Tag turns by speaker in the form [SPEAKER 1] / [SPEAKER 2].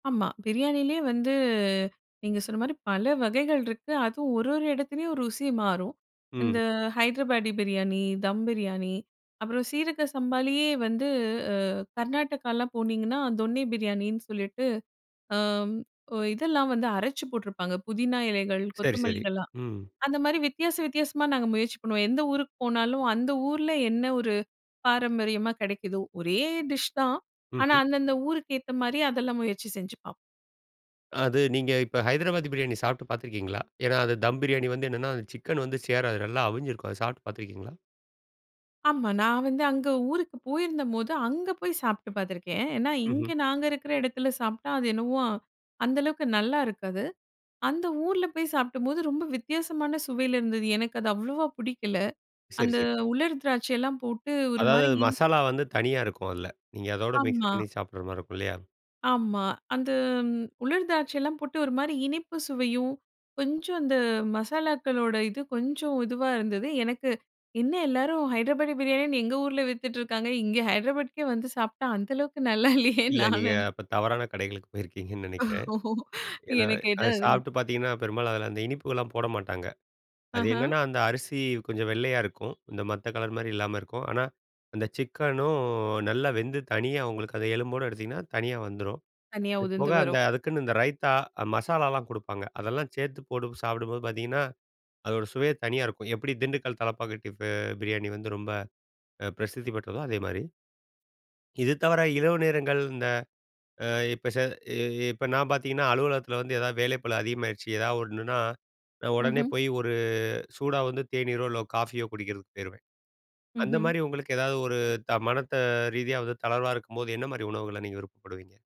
[SPEAKER 1] ஆமா, பிரியாணிலயே வந்து, நீங்க சொன்ன மாரி பல வகைகள் இருக்கு. அதுவும் ஒரு ஒரு எடத்துலேயும் ருசி மாறும். இந்த
[SPEAKER 2] ம்.
[SPEAKER 1] ஹைதராபாடி பிரியாணி, தம் பிரியாணி, அப்புறம் சீரக சம்பாலயே வந்து அ கர்நாடகாலாம் போனீங்கன்னா, தொன்னி பிரியாணின்னு சொல்லிட்டு, ஆம், ஒ இதெல்லாம் வந்து அரைச்சி போட்ருப்பாங்க. புதினா இலைகள்
[SPEAKER 2] சரி, சரி.
[SPEAKER 1] கொத்தமல்லிகள்லாம்.
[SPEAKER 2] ம்.
[SPEAKER 1] அந்த மாரி வித்தியாச வித்தியாசமா, நாங்க முயற்சி பண்ணுவோம். எந்த ஊருக்கு போனாலும் அந்த ஊர்ல என்ன ஒரு பாரம்பரியமா கிடைக்குதோ, ஒரே டிஷ் தான். ஆனா,
[SPEAKER 2] ம்ஹ்ம்.
[SPEAKER 1] அந்த அந்த ஊருக்கு ஏத்த மாரி அதெல்லாம் முயற்சி செஞ்சு பா
[SPEAKER 2] அது நீங்க இப்ப ஹைதராபாதி பிரியாணி சாப்ட்டு பாத்துருக்கீங்களா? ஏன்னா அது தம் பிரியாணி வந்து என்னன்னா, அந்த சிக்கன் வந்து சேராது. நல்லா அவிஞ்சிருக்கும் அது சாப்பிட்டு பாத்துருக்கீங்களா?
[SPEAKER 1] ஆமா, நான் வந்து அங்க ஊருக்கு போயிருந்தம்போது, அங்க போய் சாப்ட்டு பாத்துருக்கேன். அ ஏன்னா, இங்க
[SPEAKER 2] ம்ஹ்ம்.
[SPEAKER 1] நாங்க இருக்கிற எடத்துல சாப்ட்டா, அது என்னவோ, அந்த அளவுக்கு நல்லா இருக்காது. அந்த ஊர்ல போய் சாப்ட்டம்போது, ரொம்ப வித்தியாசமான சுவையில இருந்தது. எனக்கு அது அவ்ளவா புடிக்கல.
[SPEAKER 2] சரி,
[SPEAKER 1] அந்த
[SPEAKER 2] சரி.
[SPEAKER 1] உலர் திராட்சை எல்லாம் போட்டு ஒரு
[SPEAKER 2] அதாவது
[SPEAKER 1] மாரி
[SPEAKER 2] அது
[SPEAKER 1] இனி
[SPEAKER 2] மசாலா வந்து தனியா, இருக்கும் அதில நீங்க அதோடு மிக்ஸ்
[SPEAKER 1] ஆமா.
[SPEAKER 2] பண்ணி சாப்பிடுற மாரி இருக்கும் இல்லையா?
[SPEAKER 1] ஆமா, அந்த ம் உலர் திராட்சைலாம் போட்டு, ஒரு மாரி இனிப்பு சுவையும், கொஞ்சம் அந்த மசாலாக்களோட இது கொஞ்சம் இதுவா இருந்தது. எனக்கு, என்ன எல்லாரும் ஹைட்ராபாடி பிரியாணின்னு, எங்க ஊர்ல வித்துட்டிருக்காங்க. இங்கே ஹைட்ராபாட்க்கே வந்து சாப்ட்டா, அந்த அளவுக்கு நல்லா இல்லையேன்னு
[SPEAKER 2] இல்ல,
[SPEAKER 1] நான்
[SPEAKER 2] நீங்க
[SPEAKER 1] நென
[SPEAKER 2] அப்ப தவறான கடைகளுக்கு போயிருக்கீங்கன்னு நெனைக்கிறேன். ஏன்னா,
[SPEAKER 1] எனக்கு எதோ
[SPEAKER 2] அதை சாப்பிட்டு பாத்தீங்கன்னா, பெரும்பாலும் அதில அந்த இனிப்புகள்லாம் போட மாட்டாங்க. அது
[SPEAKER 1] ஆஹ.
[SPEAKER 2] என்னன்னா, அந்த அரிசி கொஞ்சம் வெள்ளையா இருக்கும். இந்த மத்த கலர் மாரி இல்லாம, இருக்கும். ஆனா, அந்த சிக்கனும் நல்லா வெந்து, தனியாக உங்களுக்கு அதை எலும்போட எடுத்தீங்கன்னா, தனியா வந்துரும்.
[SPEAKER 1] தனியா
[SPEAKER 2] இது
[SPEAKER 1] உதிர்ந்து
[SPEAKER 2] போக, அந்த
[SPEAKER 1] வரும்.
[SPEAKER 2] அதுக்குன்னு இந்த ரைத்தா, மசாலாலாம் குடுப்பாங்க. அதெல்லாம் சேத்து போட்டு சாப்பிடும்போது பாத்தீங்கன்னா, அதோட சுவையே தனியா இருக்கும். எப்படி திண்டுக்கல் தலப்பாக்கட்டி பெ பிரியாணி வந்து ரொம்ப அ பிரசித்தி பெற்றதோ, அதேமாரி, இது தவிர இரவு நேரங்கள், இந்த அ இப்போ செ அ இப்ப நான் பாத்தீங்கன்னா, அலுவலகத்தில வந்து ஏதாவது வேலைப்பலு அதிகமாயிருச்சு, ஏதாவது ஒண்ணுன்னா, நான் உடனே
[SPEAKER 1] ம்ஹ்ம்.
[SPEAKER 2] போயி ஒரு சூடா வந்து தேனீரோ, இல்லை காஃபியோ குடிக்கிறதுக்கு போயிருவேன். அந்த
[SPEAKER 1] ம்ஹ்ம்.
[SPEAKER 2] மாரி உங்களுக்கு ஏதாவது ஒரு த மனத்த ரீதியா தளர்வா, இருக்கும்போது என்ன மாரி உணவுகள நீங்க விருப்பப்படுவீங்க.